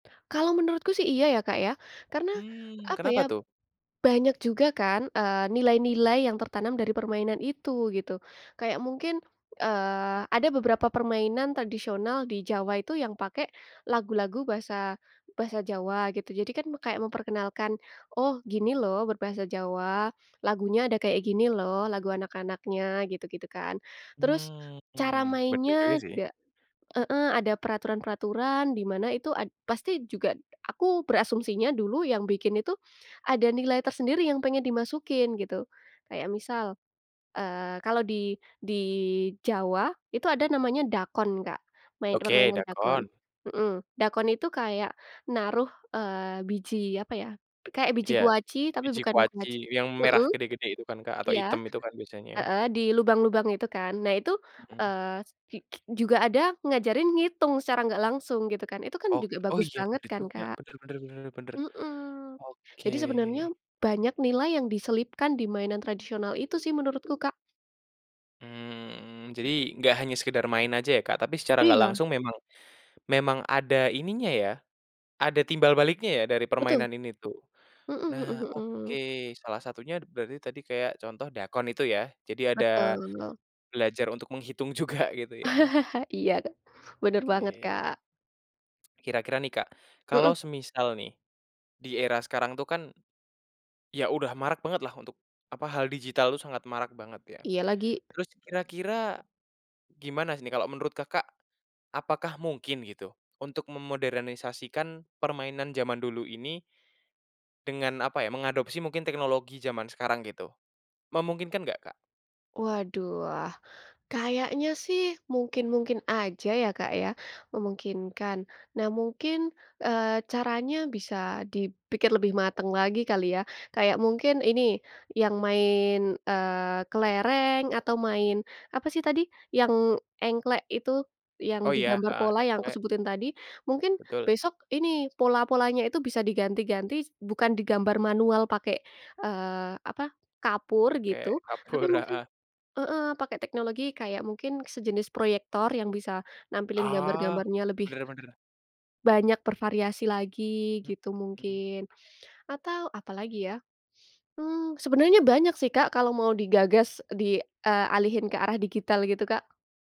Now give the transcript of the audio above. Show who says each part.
Speaker 1: Kalau menurutku sih iya ya, Kak, ya karena
Speaker 2: Mmm,
Speaker 1: apa ya.
Speaker 2: kenapa tuh?
Speaker 1: Banyak juga kan, eee, nilai-nilai yang tertanam dari permainan itu gitu, kayak mungkin, eee, ada beberapa permainan tradisional di Jawa itu yang pakai lagu-lagu bahasa bahasa Jawa gitu jadi kan kayak memperkenalkan, "Oh gini loh berbahasa Jawa lagunya ada kayak gini loh lagu anak-anaknya," gitu-gitu kan, terus
Speaker 2: Mmm,
Speaker 1: cara
Speaker 2: benar juga
Speaker 1: mainnya
Speaker 2: sih.
Speaker 1: juga heeh, ada peraturan-peraturan di mana itu ad pasti juga aku berasumsinya dulu yang bikin itu, ada nilai tersendiri yang pengen dimasukin gitu, kayak misal, eee, kalau di di Jawa itu ada namanya dakon, Kak, main
Speaker 2: Oke,
Speaker 1: permainan dakon,
Speaker 2: dakon.
Speaker 1: mmm, dakon itu kayak naruh, eee, biji apa ya, kayak biji
Speaker 2: Iya,
Speaker 1: kuaci tapi
Speaker 2: biji
Speaker 1: bukan
Speaker 2: kuaci
Speaker 1: kuaci
Speaker 2: yang merah
Speaker 1: mmm,
Speaker 2: gede-gede itu kan, Kak, atau
Speaker 1: iya,
Speaker 2: hitam itu kan biasanya.
Speaker 1: heeh, di lubang-lubang itu kan nah itu,
Speaker 2: Mmm.
Speaker 1: eee, s ki ki juga ada ngajarin ngitung secara enggak langsung gitu kan itu kan
Speaker 2: Ok
Speaker 1: juga
Speaker 2: oh
Speaker 1: bagus
Speaker 2: iya
Speaker 1: banget
Speaker 2: benar
Speaker 1: kan,
Speaker 2: juga
Speaker 1: Kak,
Speaker 2: benar benar benar benar,
Speaker 1: mhm,
Speaker 2: oke.
Speaker 1: jadi sebenarnya banyak nilai yang diselipkan di mainan tradisional itu sih menurutku, Kak.
Speaker 2: Mmm, jadi enggak hanya sekedar main aja ya, Kak, tapi secara nggak
Speaker 1: Iya.
Speaker 2: langsung memang, memang ada ininya ya, ada timbal baliknya ya dari
Speaker 1: Betul.
Speaker 2: permainan ini tuh.
Speaker 1: Mmm,
Speaker 2: Nah
Speaker 1: mhm
Speaker 2: oke
Speaker 1: mhm.
Speaker 2: salah satunya d berarti tadi kayak contoh dakon itu ya? Jadi ada,
Speaker 1: Betul.
Speaker 2: belajar untuk menghitung juga gitu ya.
Speaker 1: Iya, Kak, bener banget,
Speaker 2: Oke.
Speaker 1: Kak.
Speaker 2: Kira-kira nih, Kak,
Speaker 1: Mmm.
Speaker 2: kalau semisal nih, di era sekarang tuh kan. Ya udah marak banget lah untuk, apa hal digital itu sangat marak banget ya,
Speaker 1: Iya lagi.
Speaker 2: terus kira-kira, gimana sih nih kalau menurut Kakak, apakah mungkin gitu, untuk memodernisasikan permainan jaman dulu ini dengan apa ya mengadopsi mungkin teknologi jaman sekarang gitu, memungkinkan nggak, Kak?
Speaker 1: Waduh, ah, kayaknya sih mungkin-mungkin aja ya, Kak, ya, memungkinkan nah mungkin, eee, caranya bisa dipikir lebih matang lagi kali ya kayak mungkin ini, yang main, eee, kelereng atau main apa sih tadi yang engklek itu, yang
Speaker 2: Oh ya,
Speaker 1: digambar
Speaker 2: heeh,
Speaker 1: pola yang aku
Speaker 2: engklek.
Speaker 1: sebutin tadi, mungkin
Speaker 2: Betul.
Speaker 1: besok ini pola-polanya itu bisa diganti-ganti s bukan digambar manual pakai, eee, apa, kapur gitu
Speaker 2: Oke
Speaker 1: tapi
Speaker 2: kapur,
Speaker 1: mungkin
Speaker 2: heeh.
Speaker 1: heeh, pakai teknologi kayak mungkin sejenis proyektor yang bisa nampilin
Speaker 2: Oh,
Speaker 1: gambar-gambarnya lebih
Speaker 2: benar benar.
Speaker 1: banyak bervariasi lagi gitu
Speaker 2: Mmm.
Speaker 1: mungkin, atau apalagi ya, mmm, sebenarnya banyak sih, Kak, kalau mau digagas di, eee, alihin ke arah digital gitu, Kak.